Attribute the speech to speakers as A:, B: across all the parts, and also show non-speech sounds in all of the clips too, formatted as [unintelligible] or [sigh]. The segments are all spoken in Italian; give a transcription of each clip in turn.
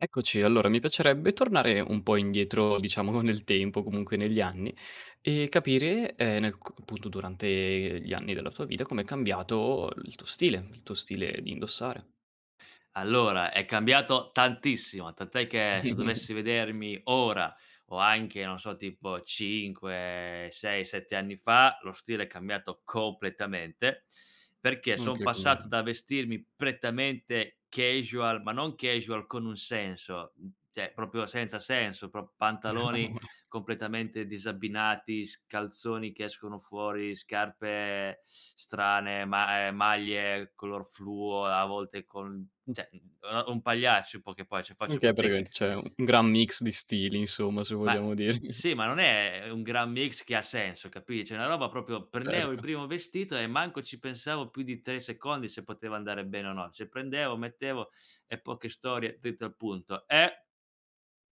A: Eccoci. Allora, mi piacerebbe tornare un po' indietro, diciamo, nel tempo, comunque negli anni e capire, ehm, nel co appunto durante gli anni della tua vita com'è cambiato il tuo stile, il tuo stile di indossare.
B: Allora, è cambiato tantissimo! Tant'è che, se
A: [chuckles]
B: dovessi vedermi ora o anche, non so, tipo 5, 6, 7 anni fa, lo stile è cambiato completamente, perché son
A: Anche con
B: passato
A: lei.
B: da vestirmi prettamente casual, ma non casual con un senso, cioè, proprio senza senso: pro pantaloni
A: [chuckles]
B: completamente disabbinati, s calzoni che escono fuori, scarpe strane, ma ehm, maglie color fluo, a volte col n
A: [unintelligible]
B: cioè, uno un pagliaccio in poche poe cioè, faccio
A: Oka
B: fatica
A: praticamente c'è un gran mix di stili, insomma, se
B: Ma e
A: vogliamo di [chuckles]
B: sì, ma non è un gran mix che ha senso, capi cioè, una roba proprio prendevo il
A: Certo.
B: primo vestito e manco ci pensavo più di 3 secondi se poteva andare bene o no. Cioè, prendevo, mettevo e poche storie dritto al punto. E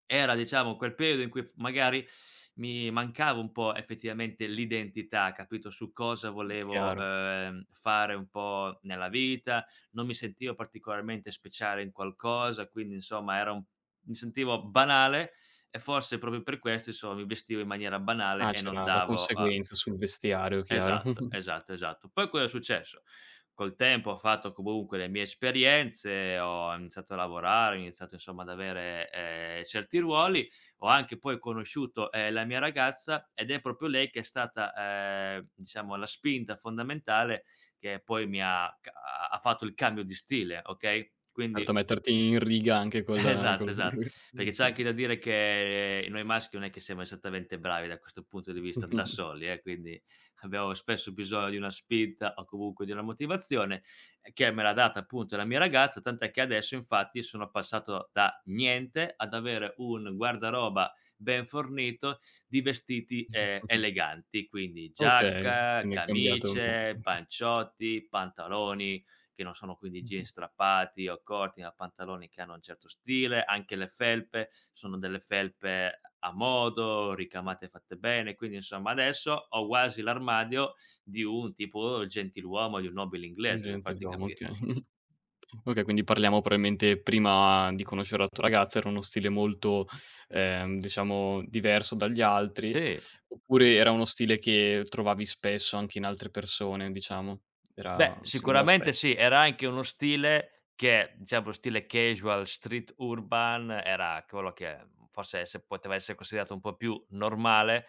B: era diciamo quel periodo in cui f magari mi mancava un po', effettivamente, l'identità, capito, su cosa
A: Mh,
B: volevo,
A: chiaro.
B: ehm, fare un po' nella vita, non mi sentivo particolarmente speciale in qualcosa. Quindi, insomma, era un mi sentivo banale e forse proprio per questo, inso mi vestivo in maniera banale
A: Ah,
B: e non
A: c'era la
B: davo a
A: conseguenza sul vestiario, chiaro.
B: Esatto,
A: [chuckles]
B: esatto, esatto. Poi, cosa è successo. Col tempo ho fatto comunque le mie esperienze, ho em iniziato a lavorare, ho iniziato, insomma, ad avere, ehm, certi ruoli. Ho anche poi conosciuto, ehm, la mia ragazza, ed è proprio lei che è stata, ehm, diciamo la spinta fondamentale che poi mi ha ca ha fatto il cambio di stile, okay,
A: Erto
B: quindi
A: a metterti in riga, anche col
B: Esatto,
A: col
B: esatt
A: [chuckles]
B: perché
A: sì,
B: c'è anche
A: col
B: da dire che noi maschi non è che siamo esattamente bravi da questo punto di vista da
A: [chuckles]
B: soli, eh, quindi abbiamo spesso bisogno di una spinta o comunque di una motivazione, che me l'ha data, appunto, la mia ragazza. Tant'è che adesso, infatti, sono passato da niente ad avere un guardaroba ben fornito di vestiti, ehm,
A: [chuckles]
B: eleganti quindi:
A: Okay.
B: giacca,
A: Quindi, è cambiato
B: camicie,
A: mh-mh.
B: panciotti, pantaloni, che non sono quindi
A: Mh-mh.
B: jeans strappati o corti ma pantaloni che hanno un certo stile. Anche le felpe, sono delle felpe a modo, ricamate fatte bene. Quindi, insomma, adesso ho quasi l'armadio di un tipo gentiluomo, di un nobile
A: Un
B: inglese, per farti
A: gentiluomo,
B: capire.
A: okay. [chuckles] Okay, quindi parliamo probabilmente, prima di conoscere la tua ragazza, era uno stile molto, ehm, diciamo diverso dagli altri?
B: Sì!
A: Oppure, era uno stile che trovavi spesso anche in altre persone, diciamo, era
B: Beh,
A: si vedeva
B: sicuramente
A: spesso?
B: sì. Era anche uno stile che cioè, un po' stile casual, street urban era ch quello che, mhmm, forse esse poteva esse considerato un po' più normale,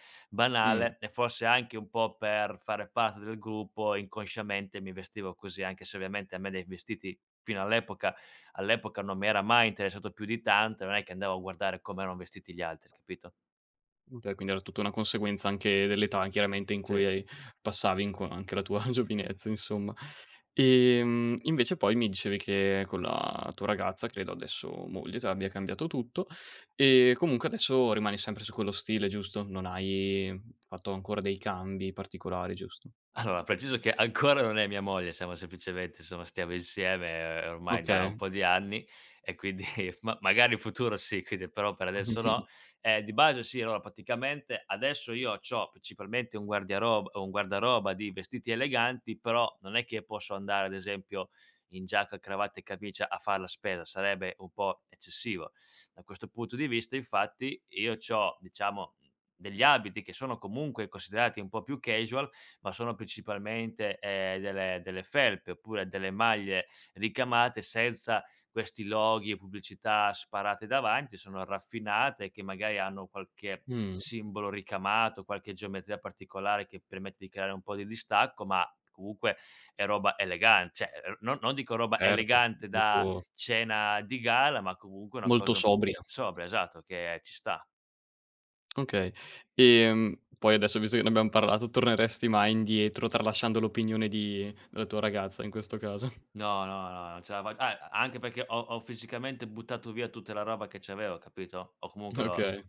A: Mh-mh.
B: banale. E forse anche un po' per fare parte del gruppo inconsciamente mi vestivo così anche se, ovviamente, a me dai vestiti, fino all'epoca all'epoca, non mi era mai interessato più di tanto, non è che andavo a guardare come erano vestiti gli altri, capito?
A: Okay, quindi era tutta una conseguenza anche dell'età, chiaramente, in
B: Sì.
A: cui hai passavi in qua anche la tua [chuckles] giovinezza, insomma. Ehm, invece poi mi dicevi che con la tua ragazza, credo adesso moglie, tu abbia cambiato tutto e comunque adesso rimani sempre su quello stile, giusto, non hai fatto ancora dei cambi particolari giusto?
B: Allora, preciso che ancora non è mia moglie, siamo semplicemente insomma, stiamo insieme, ehm, ormai da un
A: Okay.
B: po' di anni, e quindi [chuckles] ma magari in futuro sì, quindi però per adesso no.
A: [chuckles]
B: Ehm, di base sì, allora: praticamente adesso io c'ho principalmente un guardiaroba un guardaroba di vestiti eleganti, però non è che posso andare ad esempio in giacca a cravatta e camicia a far la spesa, sarebbe un po' eccessivo. Da questo punto di vista, infatti, io c'ho, diciamo, degli abiti che sono comunque considerati un po' più casual, ma sono principalmente, ehm, delle delle felpe, oppure delle maglie ricamate senza questi loghi e pubblicità sparate davanti, sono raffinate e che magari hanno qualche
A: Mh.
B: simbolo ricamato, qualche geometria particolare che permette di creare un po' di distacco, ma comunque è roba elegan cioè, ehm, no non dico roba
A: Certo,
B: elegante da
A: molto
B: cena di gala ma comunque è una
A: molto
B: cosa
A: sobria.
B: sobria, esatto, che ci sta.
A: Okay. Ehm, poi adesso, visto che ne abbiamo parlato, torneresti mai indietro tralasciando l'opinione di della tua ragazza in questo caso? [chuckles]
B: No, no, no, non ce la fa ah, anche perché ho ho fisicamente buttato via tutta la roba che c'avevo, capito, o comunque l'ho
A: Okay.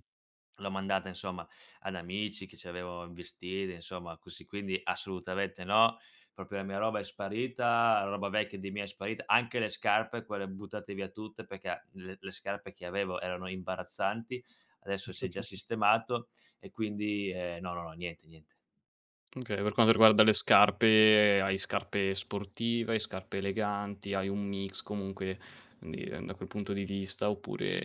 B: l'ho mandata, insomma, ad amici che ci avevo [unintelligible] insomma, così. Quindi, assolutamente no. Proprio, e mia roba è sparita, roba vecchia, di mia è sparita, anche le scarpe quelle buttate via tutte, perché le le scarpe che avevo erano imbarazzanti, adesso si è già
A: [chuckles]
B: sistemato. E quindi, ehm, no, no, no niente, niente.
A: Okay, per quando riguarda le scarpe, ehm, hai scarpe sportive, hai scarpe eleganti, hai un mix comunque di ehm, da quel punto di vista, oppure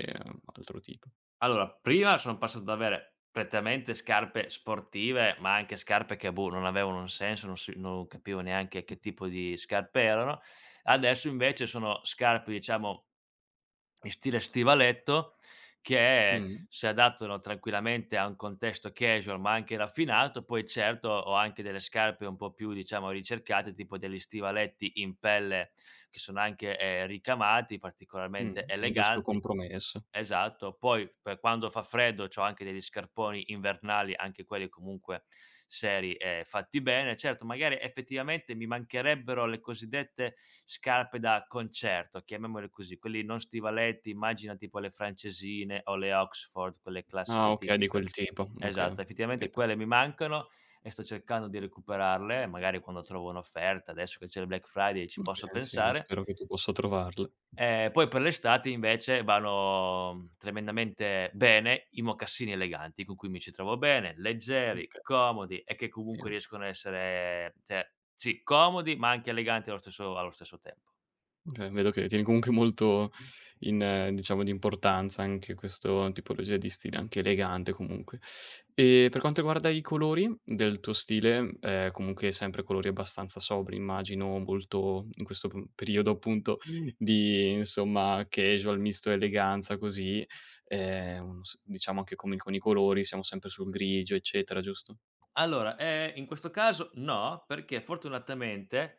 A: altro tipo?
B: Allora, prima son passato ad avere prettamente scarpe sportive ma anche scarpe che, boh, non avevano un senso non si non capivo neanche che tipo di scarpe erano, adesso invece sono scarpe diciamo in stile stivaletto, che
A: Mh-mh.
B: si adattano tranquillamente a un contesto casual ma anche raffinato, poi certo, ho anche delle scarpe un po' più, diciamo, ricercate tipo degli stivaletti in pelle che sono anche, ehm, ricamati
A: Mh,
B: particolarmente
A: un giusto
B: eleganti
A: compromesso.
B: esatto. Poi per quando fa freddo c'ho anche degli scarponi invernali, anche quelli comunque seri e fatti bene. Certo magari, effettivamente, mi mancherebbero le cosiddette "scarpe da concerto", chiamiamole così, quelli non stivaletti, immagina tipo le francesine o le Oxford quelle
A: Ah,
B: classiche
A: okay di
B: tipiche
A: quel tipo. Okay, ho
B: esatto, effettivamente
A: capito.
B: quelle mi mancano e sto cercando di recuperarle, magari quando trovo un'offerta adesso che c'è il Black Friday ci posso
A: Okay sì, c
B: pensare
A: spero che tu possa trovarle.
B: ehm, poi per l'estate invece vanno, mhmm, tremendamente bene i mocassini eleganti con cui mi ci trovo bene, leggeri,
A: Oka
B: comodi e che
A: Che
B: comunque
A: no.
B: riescono a essere cioè, sì comodi ma anche eleganti allo stesso allo stesso tempo.
A: Okay, vedo che tieni comunque molto in diciamo di importanza anche questo tipologia di stile, anche elegante comunque. E per quanto riguarda i colori del tuo stile, ehm, comunque sempre colori abbastanza sobri immagino, molto in questo p periodo appunto di, insomma, casual misto a eleganza così, ehm, un s diciamo che come con i colori siamo sempre sul grigio eccetera, giusto?
B: Allora, ehm, in questo caso no, perché fortunatamente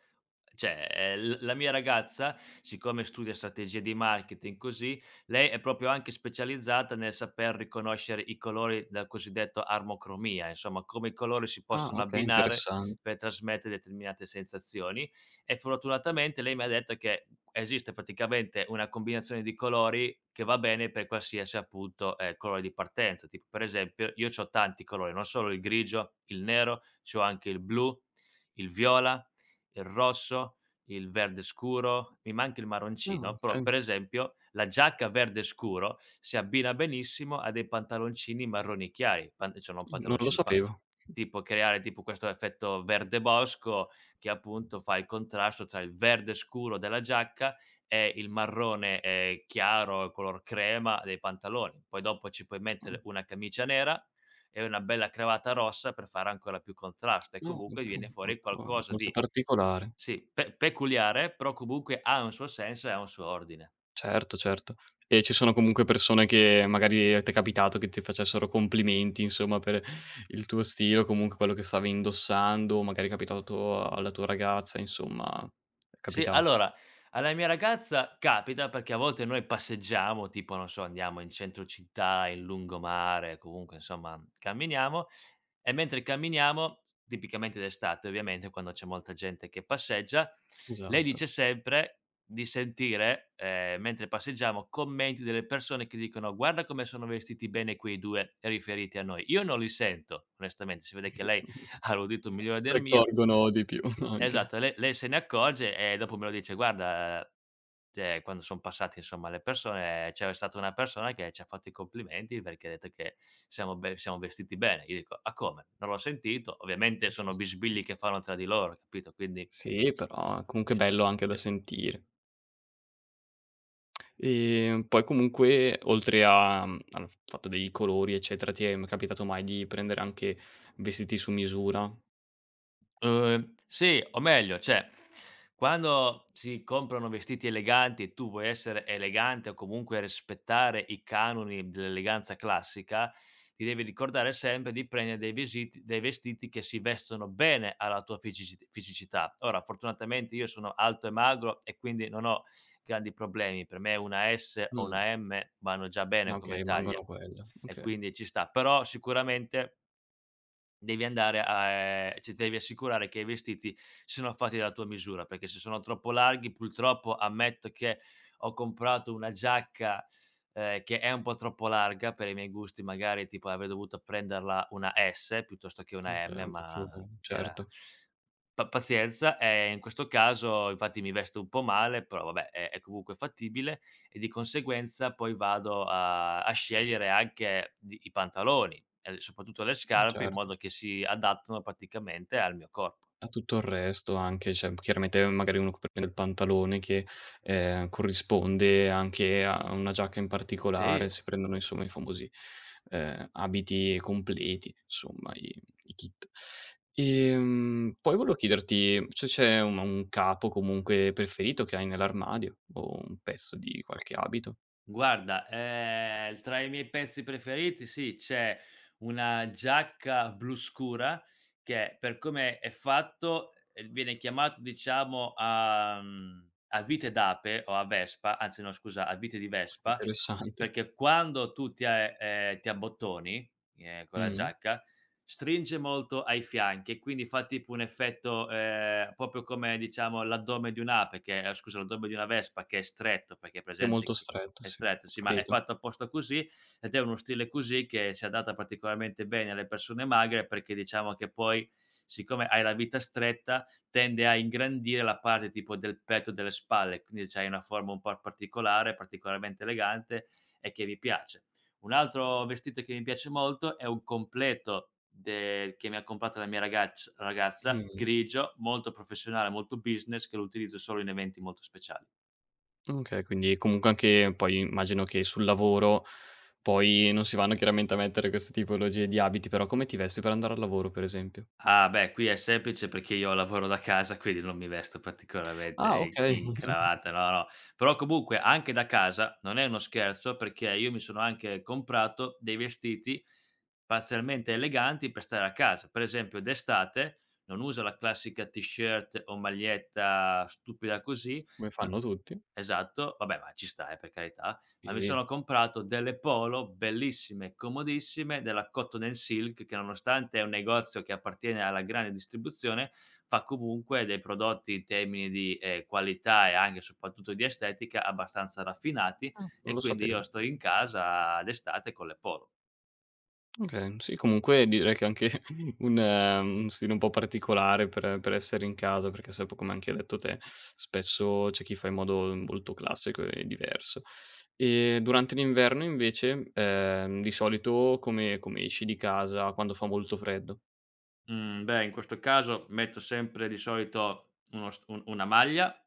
B: cioè, ehm, l la mia ragazza, siccome studia strategie di marketing così, lei è proprio anche specializzata nel saper riconoscere i colori dal cosiddetto armocromia, insomma come i colori si
A: Ah
B: possono
A: okay,
B: abbinare
A: interessan
B: per trasmette determinate sensazioni, e fortunatamente lei mi ha detto che esiste praticamente una combinazione di colori che va bene per qualsiasi, appunto, ehm, colore di partenza, tipo per esempio io c'ho tanti colori, non solo il grigio, il nero, c'ho anche il blu, il viola, il rosso, il verde scuro. Mi manca il
A: Ah,
B: marroncino, però
A: okay.
B: per esempio la giacca verde scuro si abbina benissimo a dei pantaloncini marroni chiari, pan insomma
A: Mh, non lo
B: pantaloncini pa
A: sapevo.
B: tipo creare tipo questo effetto verde bosco, che appunto, fa il contrasto tra il verde scuro della giacca e il marrone, ehm, chiaro, color crema, dei pantaloni. Poi dopo ci puoi
A: Ah.
B: mettere una camicia nera e una bella cravatta rossa per fare ancora più contrasto e
A: No
B: comunque viene fuori
A: [unintelligible]
B: qualcosa
A: molto
B: di
A: particolare.
B: sì pe peculiare, però comunque ha un suo senso e ha un suo ordine.
A: Certo, certo. E ci sono comunque persone che magari t'è capitato che ti facessero complimenti, insomma, per il tuo stile o comunque quello che stavi indossando, o magari è capitato alla tua ragazza, insomma, è
B: Sì,
A: capitato?
B: allora alla mia ragazza capita perché, a volte, noi passeggiamo tipo non so andiamo in centro città, in lungomare, comunque insomma camminiamo e mentre camminiamo, tipicamente d'estate ovviamente quando c'è molta gente che passeggia, lei
A: Esatto.
B: dice sempre di sentire, ehm, mentre passeggiamo commenti delle persone che dicono: "Guarda come sono vestiti bene quei 2." Riferiti a noi. Io non li sento onestamente, si vede che lei
A: [chuckles]
B: ha l'udito migliore
A: Si
B: del mio
A: accorgono di più anche.
B: Esatto le lei se ne accorge e dopo me lo dice: "Guarda, cioè quando son passate, insomma, le persone c'era stata una persona che c'ha fatto i complimenti perché ha detto che siamo be siamo vestiti bene." Io dico: "Ah come? Non l'ho sentito." Ovviamente sono bisbigli che fanno tra di loro hai capito, quindi
A: Sì, però comunque
B: ...ci
A: è
B: sta,
A: bello anche da
B: sì.
A: sentire. Ehm, poi comunque oltre a mhmm, al f fatto dei colori eccetera, ti è m capitato mai di prendere anche vestiti su misura?
B: Uhm, sì, o meglio, cioè quando si comprano vestiti eleganti e tu vuoi essere elegante, o comunque rispettare i canoni dell'eleganza classica, ti devi ricordare sempre di prende' dei vesiti dei vestiti che si vestono bene alla tua ficisiti fisicità. Ora fortunatamente io sono alto e magro e quindi non ho grandi problemi. Per me una S o
A: Mh.
B: una M vanno già bene come
A: Okay
B: taglia,
A: mandano quello,
B: e
A: oka
B: quindi ci sta. Però sicuramente devi andare a ehm, ci t devi assicurare che i vestiti siano fatti della tua misura, perché se sono troppo larghi purtroppo ammetto che ho comprato una giacca, ehm, che è un po' troppo larga per i miei gusti, magari tipo avrei dovuto prenderla una S piuttosto che una
A: Okay,
B: M,
A: un po' più
B: ma era
A: certo.
B: pa pazienza, ehm, in questo caso infatti mi vesto un po' male però vabbè, è è comunque fattibile, e di conseguenza poi vado a a scegliere anche di i pantaloni e le soprattutto le
A: Mh,
B: scarpe in
A: certo.
B: modo che si adattano praticamente al mio corpo.
A: A tutto il resto anche, cioè m chiaramente magari uno c per prendere il pantalone che, ehm, corrisponde anche a una giacca in particolare
B: Sì.
A: si prendono insomma i famosi, ehm, abiti completi, somma i i kit. Ehm, poi volevo chiederti se c'è un un capo comunque preferito che hai nell'armadio, o un pezzo di qualche abito.
B: Guarda, ehm, l tra i miei pezzi preferiti sì, c'è una giacca blu scura che per come è fatto, uhm, viene chiamato diciamo a mhmm, a vite d'ape o a vespa anzi no scusa a vite di vespa
A: Interessante.
B: perché quando tu ti a ehm, ehm, ti abbottoni, ehm, con la
A: Mh-mh.
B: giacca stringe molto ai fianchi, e quindi fa tipo un effetto, ehm, proprio come, diciamo, l'addome di un ape che ah, scusa l'addome di una vespa che è stretto perché hai
A: È
B: presente
A: molto
B: che
A: stretto,
B: è
A: sì
B: stretto
A: ho
B: sì ma è
A: capito.
B: fatto apposta così, ed è uno stile così che si adatta particolarmente bene alle persone magre perché, diciamo, che poi siccome hai la vita stretta tende a ingrandire la parte tipo del petto, delle spalle, quindi c'hai una forma un po' particolare, particolarmente elegante e che mi piace. Un altro vestito che mi piace molto è un completo del che mi ha comprato la mia ragacc ragazza,
A: Mh.
B: grigio, molto professionale, molto business, che lo utilizzo solo in eventi molto speciali.
A: Okay, quindi comunque anche poi immagino che sul lavoro poi non si vanno chiaramente a mettere queste tipologie di abiti, però come ti vesti per andare al lavoro per esempio?
B: Ah, beh qui è semplice perché io lavoro da casa, quindi non mi vesto particolarmente
A: Ah,
B: i
A: okay.
B: in
A: [chuckles]
B: cravatta no, no, però comunque anche da casa non è uno scherzo, perché io mi sono anche comprato dei vestiti parzialmente eleganti per stare a casa. Per esempio d'estate non uso la classica t-shirt o maglietta stupida così
A: Come
B: ma
A: fanno tutti.
B: esatto. Vabbè ma ci sta, eh, per carità. Ma mi
A: Sì.
B: sono comprato delle polo bellissime, comodissime della Cotton& Silk, che nonostante è un negozio che appartiene alla grande distribuzione fa comunque dei prodotti, in termini di, ehm, qualità e anche soprattutto di estetica, abbastanza raffinati
A: Ah, non
B: e
A: lo
B: quindi io
A: sapevo.
B: sto in casa d'estate con le polo.
A: Oka mhmm, sì comunque direi che è anche un un stile un po' particolare per per essere in casa, perché sai, po' come hai detto anche te, spesso c'è chi fa in modo molto classico e diverso. Ehm, durante l'inverno invece, ehm, di solito come come esci di casa, quando fa molto freddo?
B: Mhmm, beh in questo caso metto sempre di solito uno st un una maglia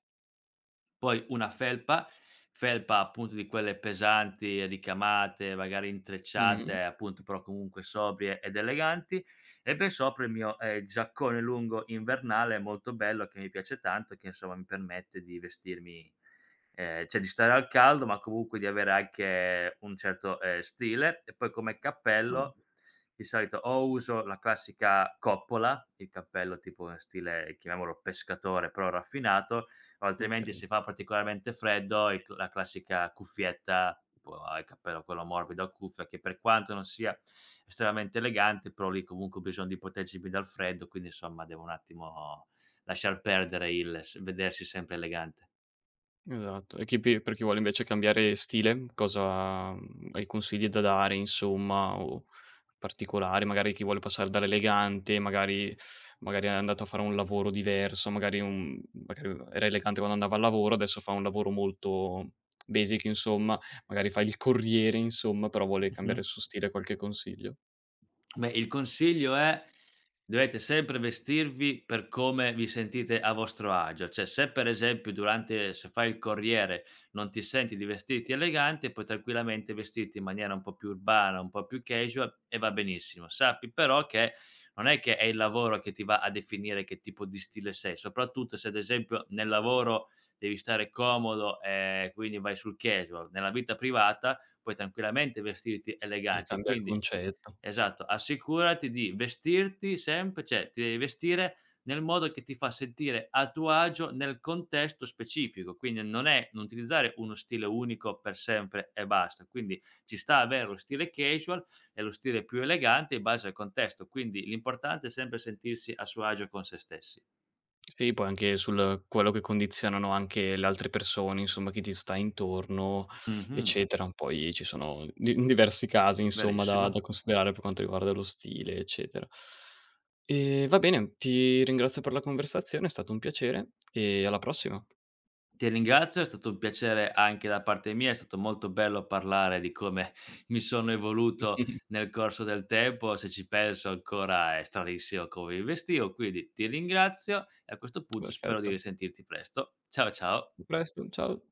B: poi una felpa, felpa, appunto, di quelle pesanti, ricamate, magari
A: Mh-mh.
B: intrecciate, appunto, però comunque sobrie ed eleganti, e per sopra il mio, ehm, giaccone lungo invernale molto bello che mi piace tanto, e che insomma mi permette di vestirmi ehm, cioè di stare al caldo ma comunque di avere anche un certo, ehm, stile, e poi come
A: Ah.
B: cappello di solito o uso la classica coppola, il cappello tipo, ehm, stile chiamiamolo pescatore però raffinato, o altrimenti
A: Okay.
B: si fa particolarmente freddo i
A: Beh.
B: c e la classica cuffietta tipo, a il cappello quello morbido a cuffia, che per quanto non sia estremamente elegante, però lì comunque ho bisogno di proteggermi più dal freddo, quindi insomma devo un attimo lasciar perdere il s vedersi sempre elegante.
A: Esatto, e chi pi per chi vuole invece cambiare stile cosa mhmm, hai consigli da dare insomma o o particolari, magari chi vuole passare dall'elegante magari magari è andato a fare un lavoro diverso magari in un m magari aveva era elegante quando andava al lavoro, adesso fa un lavoro molto basic insomma, magari fa il corriere insomma però vuole cambiare
B: Mh-mh.
A: il suo stile, qualche consiglio?
B: Beh il consiglio è: dovete sempre vestirvi per come vi sentite a vostro agio. Cioè, se per esempio durante se fai il corriere non ti senti di vestirti elegante, puoi tranquillamente vestirti in maniera un po' più urbana, un po' più casual e va benissimo. Sappi però che non è che è il lavoro che ti va a definire che tipo di stile sei, soprattutto se, ad esempio, nel lavoro devi stare comodo, ehm, quindi vai sul casual. Nella vita privata puoi tranquillamente vestirti
A: Sì,
B: elegante
A: cambia il
B: quindi
A: concetto.
B: esatto, assicurati di vestirti sempre cioè ti devi vestire nel modo che ti fa sentire a tuo agio nel contesto specifico, quindi non è non utilizzare uno stile unico per sempre e basta. Quindi ci sta avere lo stile casual e lo stile più elegante in base al contesto. Quindi l'importante è sempre sentirsi a suo agio con sé stessi.
A: Sì poi anche sul quello che condizionano anche le altre persone, insomma, chi ti sta intorno
B: Mh-mh.
A: eccetera, poi ci sono di diversi casi insomma da
B: Verissimo.
A: da considerare per quanto riguarda lo stile eccetera. Ehm, va bene ti ringrazio per la conversazione, è stato un piacere e alla prossima.
B: Ti ringrazio. È stato un piacere anche da parte mia. È stato molto bello parlare di come mi sono evoluto
A: [chuckles]
B: nel corso del tempo, se ci penso ancora è stranissimo come mi vestivo, quindi ti ringrazio, e a questo punto spero di
A: Perfetto.
B: risentirti presto. Ciao, ciao
A: A presto, ciao.